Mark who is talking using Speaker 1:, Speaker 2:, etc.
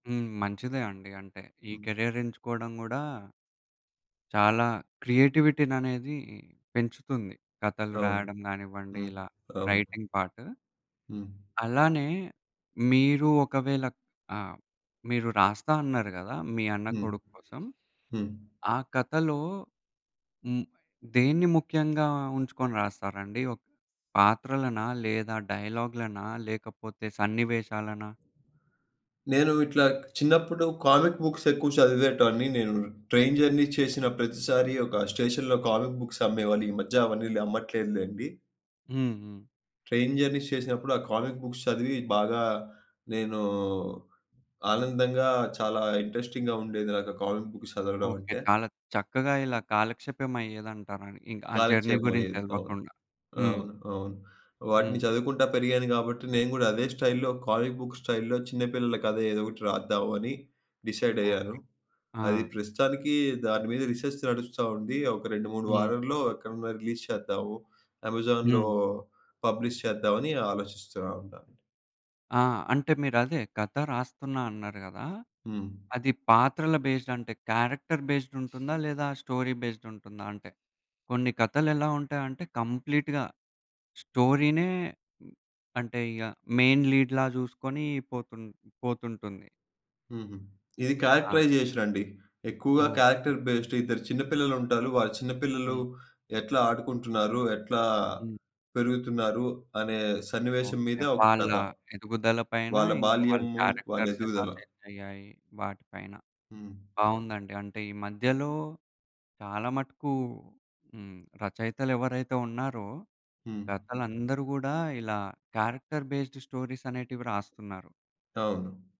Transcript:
Speaker 1: హ్మ్. మంచిదే అండి. అంటే ఈ
Speaker 2: హ్మ్.
Speaker 1: కెరియర్ ఎంచుకోవడం గూడా... చాలా క్రియేటివిటీననేది పెంచుతుంది. కథలు
Speaker 2: అవును.
Speaker 1: రాయడం గానివ్వండి
Speaker 2: హ్మ్.
Speaker 1: ఇలా
Speaker 2: అవును.
Speaker 1: Writing part.
Speaker 2: హ్మ్.
Speaker 1: అలానే మీరు ఒకవేళ ఆహ్, మీరు రాస్తా అన్నారు గదా! మీ అన్న
Speaker 2: హ్మ్.
Speaker 1: కొడుక్కొసం.
Speaker 2: హ్మ్.
Speaker 1: ఆ కథలో హ్మ్. దేన్ని ముఖ్యంగా ఉంచుకొని రాస్తారండి. ఒక పాత్రలనా లేదా డైలాగ్‌లనా లేకపోతే సన్నివేశాలనా?
Speaker 2: నేను ఇట్లా చిన్నప్పుడు కామిక్ బుక్స్ ఎక్కువ చదివేటోన్ని నేను. ట్రైన్ జర్నీ చేసిన ప్రతిసారి ఒక స్టేషన్‌లో కామిక్ బుక్స్ అమ్మేవాళ్లీ మధ్య అవన్నీ అమ్మట్లేదు లెండి.
Speaker 1: హ్మ్. హ్మ్.
Speaker 2: ట్రైన్ జర్నీస్ చేసినప్పుడు ఆ కామిక్ బుక్స్ చదివి బాగా నేను ఆనందంగా చాలా ఇంట్రెస్టింగ్‌గా ఉండేది. నాకు ఆ కామిక్ బుక్స్ చదవడం
Speaker 1: ఓకే.
Speaker 2: అంటే.
Speaker 1: చాలా చక్కగా ఇలా కాలక్షేపం అయ్యేదంటారండి. ఇంక ఆ జర్నీ
Speaker 2: కాలక్షేపం
Speaker 1: గురించి
Speaker 2: అయ్యేది. అవును.
Speaker 1: తెలవకుండా. హ్మ్.
Speaker 2: అవును. అవును. వాటిని
Speaker 1: హ్మ్.
Speaker 2: చదువుకుంటా పెరిగాను గాబట్టి నేను గూడా అదే స్టైల్‌లో కాలేజ్ బుక్ స్టైల్‌లో చిన్న పిల్లల కథ ఏదో ఒకటి రాద్దాం అని డిసైడ్ అయ్యాను.
Speaker 1: ఓకే.
Speaker 2: అది
Speaker 1: ఆ!
Speaker 2: ప్రస్తుతానికి దాని మీద రిసెర్చ్ నడుస్తావుంది. ఒక 2, 3
Speaker 1: హ్మ్.
Speaker 2: వారాల్లో ఎక్కడన్నా రిలీజ్ చేద్దాము అమెజాన్‌లో
Speaker 1: హ్మ్.
Speaker 2: పబ్లిష్ చేద్దామని ఆలోచిస్తున్నా అంత.
Speaker 1: ఆ! అంటే మీరదే కథ రాస్తున్నా అన్నారు గదా!
Speaker 2: హ్మ్.
Speaker 1: అది పాత్రల బేస్డ్ అంటే క్యారెక్టర్ బేస్డ్ ఉంటుందా లేదా స్టోరీ బేస్డ్ ఉంటుందా? అంటే కొన్ని కథలు ఎలా ఉంటాయంటే కంప్లీట్‌గా స్టోరీ‌నే. అంటే ఇగ మెయిన్ లీడ్‌లా జూసుకొని పోతుం పోతుంటుంది.
Speaker 2: హుహు. ఇది
Speaker 1: ఆ!
Speaker 2: క్యారెక్టరైజేషన్ అండి ఎక్కువగా
Speaker 1: ఓకే.
Speaker 2: క్యారెక్టర్ బేస్డ్ ఇద్దరు చిన్న పిల్లలుంటారు. వారు చిన్న పిల్లలు
Speaker 1: హ్మ్.
Speaker 2: ఎట్లా ఆడుకుంటున్నారు, ఎట్లా
Speaker 1: హ్మ్.
Speaker 2: పెరుగుతున్నారు అనే సన్నివేశం
Speaker 1: ఓకే.
Speaker 2: మీద ఒక
Speaker 1: వాళ్ళ
Speaker 2: కథ.
Speaker 1: ఎదుగుదల పైన
Speaker 2: వాళ్ళ
Speaker 1: ఇంకా వాళ్ళ
Speaker 2: బాల్యము. వాళ్ళ
Speaker 1: క్యారెక్టర్స్ ఎలా
Speaker 2: ఎదుగుదల.
Speaker 1: చేంజ్ అయ్యాయి వాటి పైన.
Speaker 2: హ్మ్.
Speaker 1: బావుందండి. అంటే ఈ మధ్యలో చాలా మటుకు హ్మ్. రచయితలెవరైతే ఉన్నారో
Speaker 2: హ్మ్.
Speaker 1: రతలందరూ గూడా ఇలా క్యారెక్టర్ బేస్డ్ స్టోరీస్ అనేటివి రాస్తున్నారు.
Speaker 2: అవును.